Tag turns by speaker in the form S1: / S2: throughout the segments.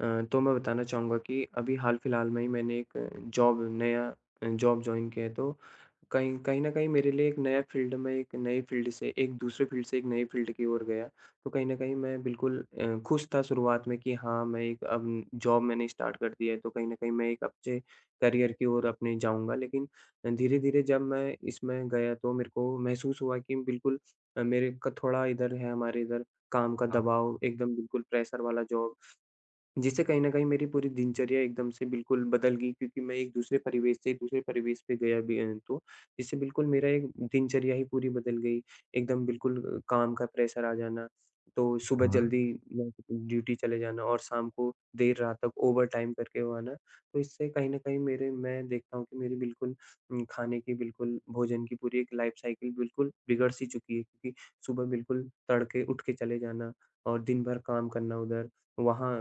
S1: अ, तो मैं बताना चाहूँगा कि अभी हाल-फिलहाल में ही मैंने एक जॉब नया अ, जॉब जॉइन किया है, तो कहीं कहीं न कहीं मेरे लिए एक नया फील्ड में, एक नए फील्ड से एक दूसरे फील्ड से एक नए फील्ड की ओर गया। तो कहीं न कहीं मैं बिल्कुल अ, खुश था शुरुआत में कि हाँ, मैं एक अब जॉब मैंने स्टार्ट कर दी है तो कहीं न कहीं मैं एक अच्छे करियर की ओर अपने जाऊँगा। लेकिन अ, धीरे-धीरे जब मैं इसमें गया तो मेरे को महसूस हुआ कि बिल्कुल अ, मेरे का थोड़ा इधर है हमारे इधर काम का
S2: हाँ।
S1: दबाव, एकदम बिल्कुल प्रेशर वाला जॉब जिससे कहीं न कहीं मेरी पूरी दिनचर्या एकदम से बिल्कुल बदल गई। क्योंकि मैं एक दूसरे परिवेश से, दूसरे परिवेश पे गया भी अ, हूँ तो इससे बिल्कुल मेरा एक दिनचर्या ही पूरी बदल गई। एकदम बिल्कुल काम का प्रेशर आ जाना, तो सुबह
S2: हाँ।
S1: जल्दी ब ड्यूटी चले जाना और शाम को देर रात तक ओवरटाइम करके वो आना। तो इससे कहीं न कहीं मेरे मैं देखता हूँ कि मेरी बिल्कुल उम, खाने की बिल्कुल भोजन की पूरी एक लाइफ साइकिल बिल्कुल बिगड़-सी चुकी थी। सुबह बिल्कुल तड़के उठ के चले जाना और दिन भर काम करना उधर, वहाँ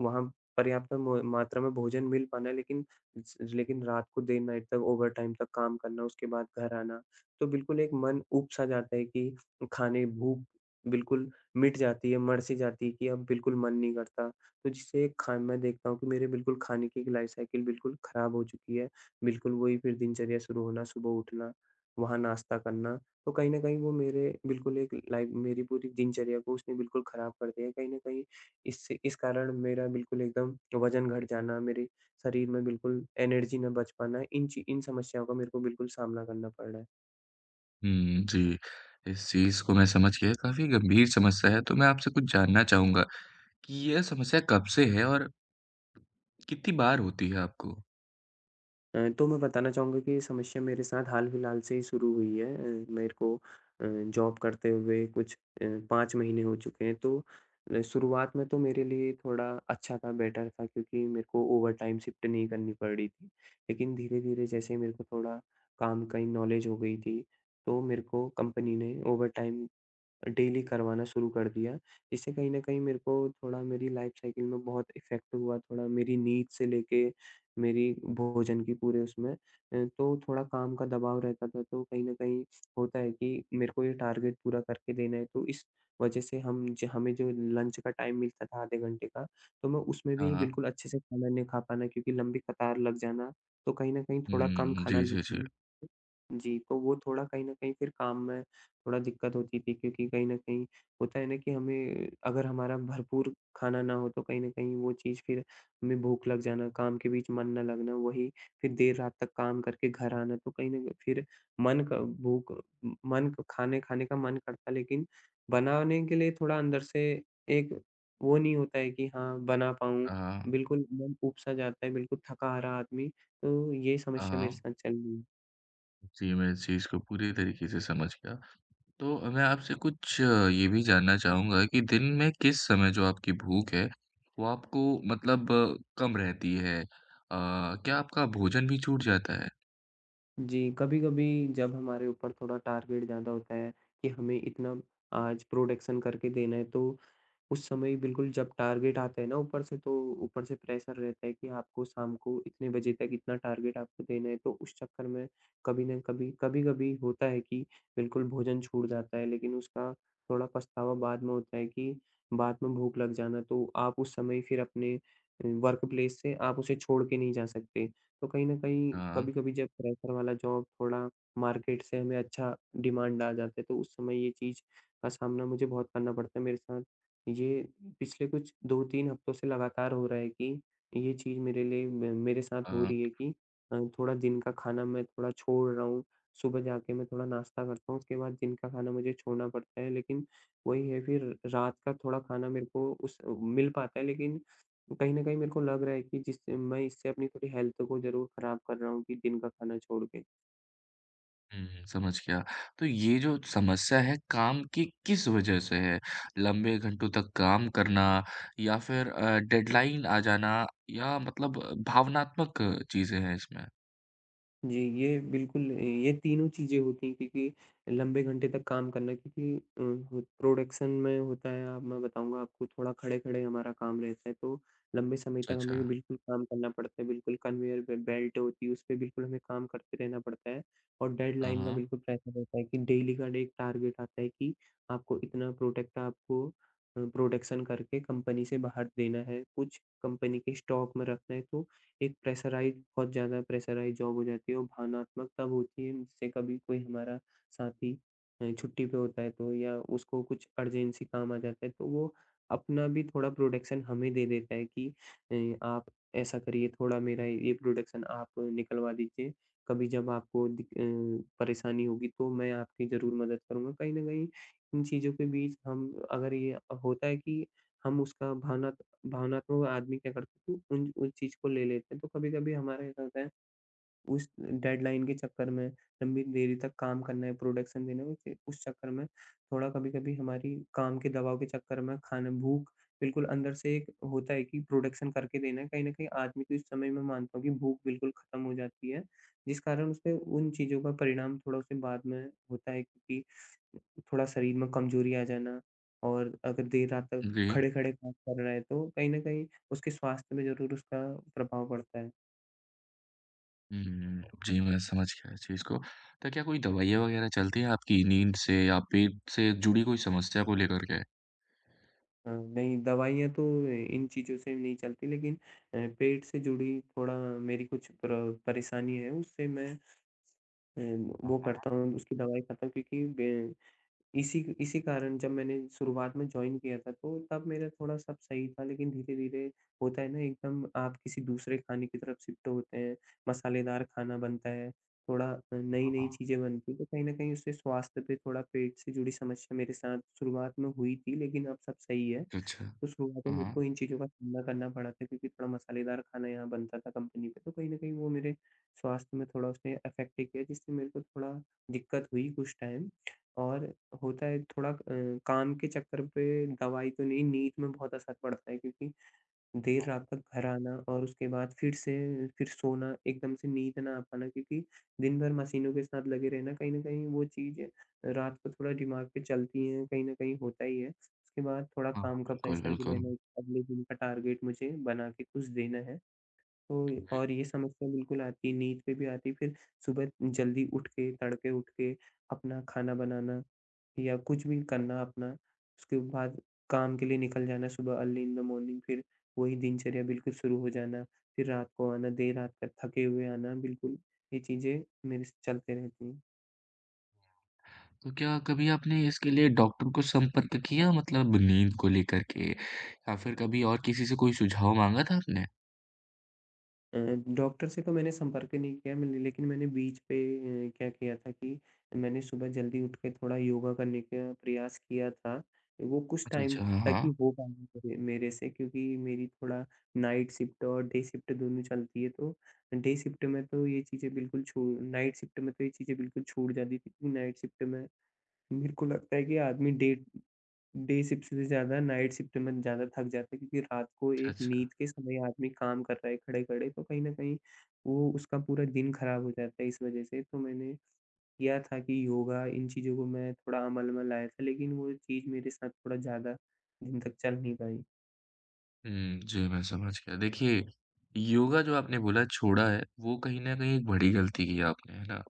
S1: वहाँ पर्याप्त म मात्रा में भोजन मिल पाना लेकिन स लेकिन रात को देर नाइट तक ओवरटाइम तक काम करना उसके बाद घर आना तो बिल्कुल एक मन ऊब-सा जाता है कि खाने भूख बिल्कुल मिट जाती है, मर-सी जाती है कि अब बिल्कुल मन नहीं करता। तो जिससे खान मैं देखता हूँ कि मेरे बिल्कुल खाने की एक लाइफ साइकिल बिल्कुल खराब हो चुकी है। बिल्कुल वही फिर दिनचर्या शुरू होना, सुबह उठना, वहाँ नाश्ता करना तो कहीं न कहीं वो मेरे बिल्कुल एक लाइफ मेरी पूरी दिनचर्या को उसने बिल्कुल खराब कर दिया है। कहीं न कहीं इससे इस कारण मेरा बिल्कुल एकदम वजन घट जाना, मेरे शरीर में बिल्कुल एनर्जी ना बच पाना। इन चि इन समस्याओं का मेरे को बिल्कुल सामना करना पड़ रहा है।
S2: हुँ, जी, इस चीज़ को मैं समझ गया, काफ़ी गंभीर समस्या है। तो मैं आपसे कुछ जानना चाहूँगा कि यह समस्या कब से है और कितनी बार होती है आपको?
S1: अ, तो मैं बताना चाहूँगा कि ये समस्या मेरे साथ हाल-फिलहाल से ही शुरू हुई है। अ, मेरे को अ, जॉब करते हुए कुछ अ, 5 महीने हो चुके हैं। तो अ, शुरुआत में तो मेरे लिए थोड़ा अच्छा था, बेटर था क्योंकि मेरे को ओवरटाइम शिफ्ट नहीं करनी पड़ रही थी। लेकिन धीरे-धीरे जैसे ही मेरे को थोड़ा काम का इ नॉलेज हो गई थी, तो मेरे को कंपनी ने ओवरटाइम अ, डेली करवाना शुरू कर दिया। इससे कहीं न कहीं मेरे को थोड़ा मेरी लाइफ साइकिल में बहुत इफ़ेक्ट हुआ, थोड़ा मेरी नींद से लेके मेरी भोजन की पूरे उसमें। अ, तो थोड़ा काम का दबाव रहता था, तो कहीं न कहीं होता है कि मेरे को ये टारगेट पूरा करके देना है। तो इस वजह से हम ज हमें जो लंच का टाइम मिलता था आधे घंटे का, तो मैं उसमें
S2: हाँ,
S1: भी
S2: हाँ।
S1: बिल्कुल अच्छे से खाना नहीं खा पाना क्योंकि लंबी कतार लग जाना, तो कहीं न कहीं
S2: हुँ,
S1: थोड़ा
S2: हुँ,
S1: कम
S2: हुँ।
S1: खाना
S2: जी, जी, जी।
S1: [unintelligible] जी, तो वो थोड़ा कहीं न कहीं फिर काम में थोड़ा दिक्कत होती थी क्योंकि कहीं न कहीं होता है ना कि हमें अगर हमारा भरपूर खाना ना हो, तो कहीं न कहीं वो चीज़ फिर हमें भूख लग जाना, काम के बीच मन ना लगना। वही फिर देर रात तक काम करके घर आना, तो कहीं न कहीं फिर मन का भूख म मन खाने-खाने का मन करता, लेकिन बनाने के लिए थोड़ा अंदर से एक वो नहीं होता है कि हाँ, बना पाऊँ,
S2: हाँ, हाँ।
S1: बिल्कुल मन ऊब-सा जाता है, बिल्कुल थका-हारा आदमी। तो ये
S2: हाँ,
S1: समस्या मेरे
S2: हाँ।
S1: साथ चल रही है।
S2: जी मैं इस चीज़ को पूरी तरीके से समझ गया। तो मैं आपसे कुछ अ, ये भी जानना चाहूँगा कि दिन में किस समय जो आपकी भूख है वो आपको मतलब कम रहती है? अ, क्या आपका भोजन भी छूट जाता है?
S1: जी कभी-कभी जब हमारे ऊपर थोड़ा टारगेट ज़्यादा होता है कि हमें इतना आज प्रोडक्शन करके देना है तो उस समय बिल्कुल जब टारगेट आता है ना ऊपर से, तो ऊपर से प्रेशर रहता है कि आपको शाम को इतने बजे तक इतना टारगेट आपको देना है। तो उस चक्कर में कभी ना कभी कभी-कभी होता है कि बिल्कुल भोजन छूट जाता है। लेकिन उसका थोड़ा पछतावा बाद में होता है कि बाद में भूख लग जाना तो आप उस समय फिर अपने अ, वर्क प्लेस से आप उसे छोड़ के नहीं जा सकते। तो कहीं न कहीं,
S2: हाँ।
S1: कभी-कभी जब प्रेशर वाला जॉब थोड़ा मार्केट से हमें अच्छा डिमांड आ जाता है तो उस समय ये चीज़ का सामना मुझे बहुत करना पड़ता है। मेरे साथ ये पिछले कुछ 2-3 हफ्तों से लगातार हो रहा है कि ये चीज़ मेरे लिए म मेरे साथ हो
S2: हाँ।
S1: रही है कि अ, थोड़ा दिन का खाना मैं थोड़ा छोड़ रहा हूँ, सुबह जाके मैं थोड़ा नाश्ता करता हूँ, उसके बाद दिन का खाना मुझे छोड़ना पड़ता है। लेकिन वही है फिर रात का थोड़ा खाना मेरे को उस अ, मिल पाता है। लेकिन कहीं न कहीं मेरे को लग रहा है कि जिस मैं इससे अपनी पूरी हेल्थ को ज़रूर खराब कर रहा हूँ कि दिन का खाना छोड़ के।
S2: हुँ, समझ गया। तो ये जो समस्या है काम की किस वज़ह से है? लंबे घंटों तक काम करना या फिर अ, डेडलाइन आ जाना या मतलब भावनात्मक चीज़ें हैं इसमें?
S1: जी, ये बिल्कुल ये तीनों चीज़ें होती हैं क्योंकि लंबे घंटे तक काम करना। क्योंकि अ, प्रोडक्शन में होता है अब मैं बताऊँगा आपको थोड़ा खड़े-खड़े हमारा काम रहता है तो लंबे समय
S2: अच्छा,
S1: तक हमें
S2: अच्छा।
S1: बिल्कुल काम करना पड़ता है। बिल्कुल कन्वेयर पे बेल्ट होती है उसपे बिल्कुल हमें काम करते रहना पड़ता है। और
S2: हाँ,
S1: डेडलाइन का
S2: हाँ।
S1: बिल्कुल प्रेशर होता है कि डेली का डे एक टारगेट आता है कि आपको इतना प्रोडक्ट आपको अ, प्रोडक्शन करके कंपनी से बाहर देना है। कुछ कंपनी के स्टॉक में रखना है। तो एक प्रेशराइज़्ड बहुत ज़्यादा प्रेशराइज़्ड जॉब हो जाती है। वो भावनात्मकता होती है जिससे कभी कोई हमारा साथी अ, छुट्टी पे होता है तो या उसको कुछ अर्जेन्सी काम आ जाता है तो वो अपना भी थोड़ा प्रोडक्शन हमें दे देता है कि अ, आप ऐसा करिए थोड़ा मेरा ये प्रोडक्शन आप निकलवा दीजिए। कभी जब आपको दि अ, परेशानी होगी तो मैं आपकी ज़रूर मदद करूँगा। कहीं न कहीं इन चीज़ों के बीच हम अगर ये अ, होता है कि हम उसका भावनात भावनात्मक आदमी क्या करता है तो उन उस चीज़ को ले लेते हैं, तो कभी-कभी हमारे साथ होता है। उस डेडलाइन के चक्कर में लंबी देरी तक काम करना है, प्रोडक्शन देना है। क्योंकि उस चक्कर में थोड़ा कभी-कभी हमारी काम के दबाव के चक्कर में खाना भूख बिल्कुल अंदर से एक होता है कि प्रोडक्शन करके देना है। कहीं न कहीं आदमी को इस समय मैं मानता हूँ कि भूख बिल्कुल ख़त्म हो जाती है। जिस कारण उसे उन चीज़ों का परिणाम थोड़ा उसे बाद में होता है कि थोड़ा शरीर में कमज़ोरी आ जाना और अगर देर रात तक
S2: अ, दी
S1: खड़े-खड़े काम कर रहा है तो कहीं न कहीं उसके स्वास्थ्य में ज़रूर उसका प्रभाव पड़ता है।
S2: हुँ, जी, मैं समझ गया इस चीज को, तो क्या कोई दवाइयाँ वगैरह चलती है आपकी नींद से या पेट से जुड़ी कोई समस्या को लेकर के?
S1: अ, नहीं दवाइयाँ तो इन चीज़ों से नहीं चलती लेकिन अ, पेट से जुड़ी थोड़ा मेरी कुछ प्र परेशानी है उससे मैं अ,
S2: हाँ,
S1: वो
S2: हाँ।
S1: करता हूँ उसकी दवाई करता हूँ क्योंकि ग इसी, इसी कारण जब मैंने शुरुआत में जॉइन किया था तो, तब मेरा थोड़ा सब सही था लेकिन धीरे-धीरे होता है ना एकदम आप किसी दूसरे खाने की तरफ शिफ्ट होते हैं, मसालेदार खाना बनता है थोड़ा
S2: हाँ,
S1: नई-नई
S2: हाँ।
S1: चीजें बनती हैं, तो कहीं न कहीं उससे स्वास्थ्य पे थोड़ा पेट से जुड़ी समस्या मेरे साथ शुरुआत में हुई थी लेकिन अब सब सही है।
S2: अच्छा।
S1: तो शुरुआत में
S2: हाँ,
S1: मेरे को
S2: हाँ।
S1: इन चीज़ों का सामना करना पड़ा था क्योंकि थोड़ा मसालेदार खाना यहाँ बनता था कंपनी में, तो कहीं न कहीं वो मेरे स्वास्थ्य में थोड़ा उसने अफेक्ट भी किया जिससे मेरे को थोड़ा दिक्कत हुई कुछ टाइम और होता है थोड़ा अ, काम के चक्कर पे दवाई तो नहीं, नींद में बहुत असर पड़ता है, क्योंकि देर
S2: हाँ।
S1: रात तक घर आना और उसके बाद फिर से फिर सोना एकदम से नींद ना आ पाना, क्योंकि दिन भर मशीनों के साथ लगे रहना कहीं न कहीं वो चीजें रात को थोड़ा दिमाग पे चलती हैं, कहीं न कहीं होता ही है। उसके बाद थोड़ा
S2: हाँ,
S1: काम का
S2: बिल्कुल,
S1: प्रेशर भी
S2: बिल्कुल।
S1: रहना, अगले दिन का टारगेट मुझे बना के कुछ देना है, तो
S2: हुँ, हुँ।
S1: और ये समस्या बिल्कुल आती है नींद में भी आती है फिर सुबह जल्दी उठ के, तड़के उठ के अपना खाना बनाना या कुछ भी करना अपना। उसके बाद काम के लिए निकल जाना सुबह अर्ली इन द मॉर्निंग। फिर वही दिनचर्या बिल्कुल शुरू हो जाना, फिर रात को आना, देर रात तक थके हुए आना बिल्कुल ये चीजें मेरे स चलते रहती हैं।
S2: तो क्या कभी आपने इसके लिए डॉक्टर को संपर्क किया? मतलब नींद को लेकर के या फिर कभी और किसी से कोई सुझाव माँगा था आपने?
S1: अ, डॉक्टर से तो मैंने संपर्क नहीं किया मैंने, लेकिन मैंने बीच पे क्या किया था कि मैंने सुबह जल्दी उठ के थोड़ा योगा करने का प्रयास किया था। वो कुछ
S2: अच्छा,
S1: टाइम
S2: अच्छा,
S1: तक ही
S2: हाँ।
S1: हो पाया म मेरे से, क्योंकि मेरी थोड़ा नाईट शिफ्ट और डे शिफ्ट दोनों चलती हैं। तो डे शिफ्ट में तो ये चीजें बिल्कुल छू नाईट शिफ्ट में तो ये चीजें बिल्कुल छूट जाती थीं, क्योंकि नाईट शिफ्ट में मेरे को लगता है कि आदमी डे डे शिफ्ट से ज़्यादा नाईट शिफ्ट में ज़्यादा थक जाता है, क्योंकि रात को
S2: अच्छा,
S1: एक
S2: अच्छा।
S1: नींद के समय आदमी काम कर रहा है खड़े-खड़े, तो कहीं न कहीं वो उसका पूरा दिन खराब हो जाता है, इस वजह से। तो मैंने किया था कि योगा इन चीज़ों को मैं थोड़ा अमल में लाया था, लेकिन वो चीज मेरे साथ थोड़ा ज़्यादा दिन तक चल नहीं पाई।
S2: हुँ, जी, मैं समझ गया। देखिए, योगा जो आपने बोला छोड़ा है, वो कहीं न कहीं एक बड़ी गलती की आपने, है ना?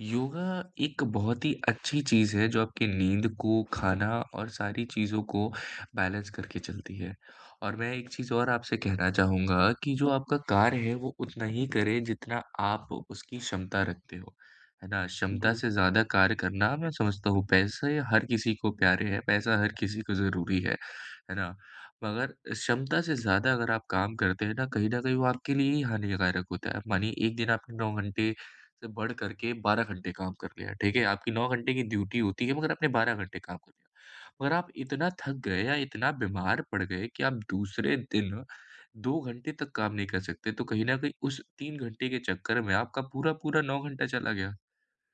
S2: योगा एक बहुत ही अच्छी चीज़ है, जो आपकी नींद को, खाना और सारी चीज़ों को बैलेंस करके चलती है। और मैं एक चीज़ और आपसे कहना चाहूँगा कि जो आपका कार्य है, वो उतना ही करें, जितना आप उसकी क्षमता रखते हों, है ना? क्षमता
S1: जी।
S2: से ज़्यादा कार्य करना मैं समझता हूँ। पैसे हर किसी को प्यारे हैं, पैसा हर किसी को ज़रूरी है। है ना? मगर क्षमता से ज़्यादा अगर आप काम करते हैं ना, कहीं न कहीं वो आपके लिए ही हानिकारक होता है। मानिए एक दिन आपने 9 घंटे से बढ़कर के 12 घंटे काम कर लिया, ठीक है। आपकी 9 घंटे की ड्यूटी होती है, मगर आपने 12 घंटे काम कर लिया। मगर आप इतना थक गए या इतना बीमार पड़ गए कि आप दूसरे दिन 2 घंटे तक काम नहीं कर सकते, तो कहीं न कहीं उस 3 घंटे के चक्कर में आपका पूरा-पूरा 9 घंटा चला गया।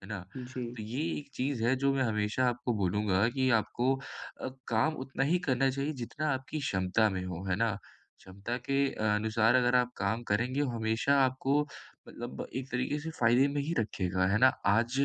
S2: है ना?
S1: जी।
S2: तो ये एक चीज़ है, जो मैं हमेशा आपको बोलूँगा कि आपको अ, काम उतना ही करना चाहिए, जितना आपकी क्षमता में हो, है ना? क्षमता के अनुसार अगर आप काम करेंगे, हमेशा आपको मतलब एक तरीके से फ़ायदे में ही रखेगा, है ना? आज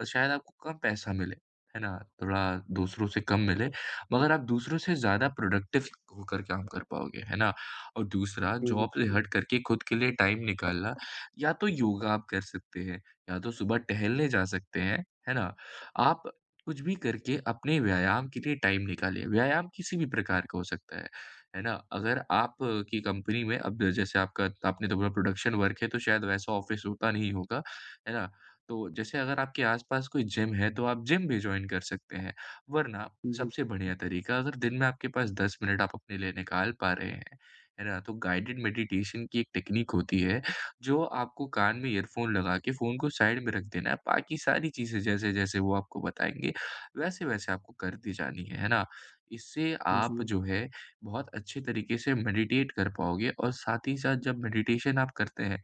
S2: अ, शायद आपको कम पैसा मिले। है ना? थोड़ा दूसरों से कम मिले, मगर आप दूसरों से ज़्यादा प्रोडक्टिव होकर काम कर पाओगे, है ना? और दूसरा जॉब से
S1: [unintelligible]
S2: हट करके खुद के लिए टाइम निकालना, या तो योगा आप कर सकते हैं, या तो सुबह टहलने जा सकते हैं, है ना? आप कुछ भी करके अपने व्यायाम के लिए टाइम निकालिए। व्यायाम किसी भी प्रकार का हो सकता है। है ना? अगर आप की कंपनी में अब जैसे आपका त आपने तो बोला प्रोडक्शन वर्क है, तो शायद वैसा ऑफिस होता नहीं होगा। है ना? तो जैसे अगर आपके आस-पास कोई जिम है, तो आप जिम भी जॉइन कर सकते हैं। वरना
S1: जी।
S2: सबसे बढ़िया तरीका अगर दिन में आपके पास 10 मिनट आप अपने लिए निकाल पा रहे हैं, है ना? तो गाइडेड मेडिटेशन की एक टेक्नीक होती है, जो आपको कान में इयरफोन लगा के फ़ोन को साइड में रख देना है, बाकी सारी चीजें जैसे-जैसे वो आपको बताएँगे, वैसे-वैसे आपको करती जानी हैं। है ना? इससे आप
S1: जी।
S2: जो है, बहुत अच्छे तरीके से मेडिटेट कर पाओगे और साथ ही साथ जब मेडिटेशन आप करते हैं,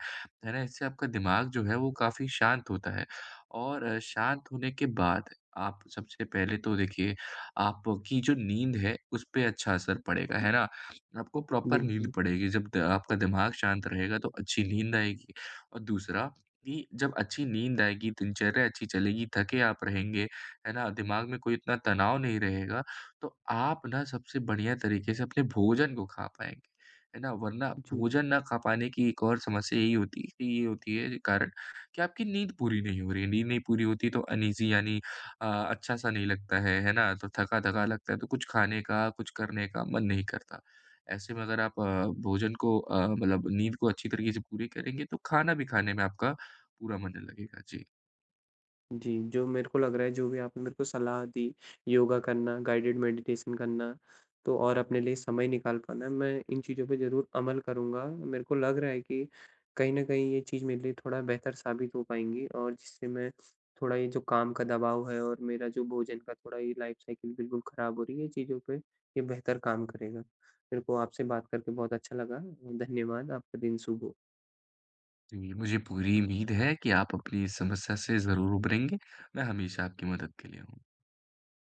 S2: है ना? इससे आपका दिमाग जो है, वो काफ़ी शांत होता है। और अ, शांत होने के बाद, आप सबसे पहले तो देखिए, आपकी जो नींद है, उस पे अच्छा असर पड़ेगा, है ना? आपको प्रॉपर नींद
S1: बिल्कुल।
S2: पड़ेगी, जब द आपका दिमाग शांत रहेगा, तो अच्छी नींद आएगी। और दूसरा, कि जब अच्छी नींद आएगी, दिनचर्या अच्छी चलेगी, थके आप रहेंगे, है ना? दिमाग में कोई इतना तनाव नहीं रहेगा, तो आप ना सबसे बढ़िया तरीके से अपने भोजन को खा पाएँगे। है ना? वरना
S1: जी।
S2: भोजन ना खा पाने की एक और समस्या यही होती कि ये होती है जी कारण कि आपकी नींद पूरी नहीं हो रही है। नींद नहीं पूरी होती, तो अनईज़ी यानी अ, अच्छा-सा नहीं लगता है, है ना? तो थका-थका लगता है, तो कुछ खाने का, कुछ करने का मन नहीं करता। ऐसे में अगर आप अ, भोजन को अ, मतलब नींद को अच्छी तरीके से पूरी करेंगे, तो खाना भी खाने में आपका पूरा मन लगेगा। जी।
S1: जी, जो मेरे को लग रहा है, जो भी आपने मेरे को सलाह दी, योगा करना, गाइडिड मैडिटेशन करना, तो और अपने लिए समय निकाल पाना, मैं इन चीज़ों पे ज़रूर अमल करूँगा। मेरे को लग रहा है कि कहीं न कहीं, ये चीज़ मेरे लिए थोड़ा बेहतर साबित हो पाएँगी और जिससे मैं थोड़ा ये जो काम का दबाव है और मेरा जो भोजन का थोड़ा ये लाइफ़ साइकिल बिल्कुल खराब हो रही है, इन चीज़ों पे ये बेहतर काम करेगा। मेरे को आपसे बात करके बहुत अच्छा लगा। धन्यवाद। आपका दिन शुभ हो।
S2: जी, मुझे पूरी उम्मीद है कि आप अपनी इस समस्या से ज़रूर उबरेंगे। मैं हमेशा आपकी मदद के लिए हूँ।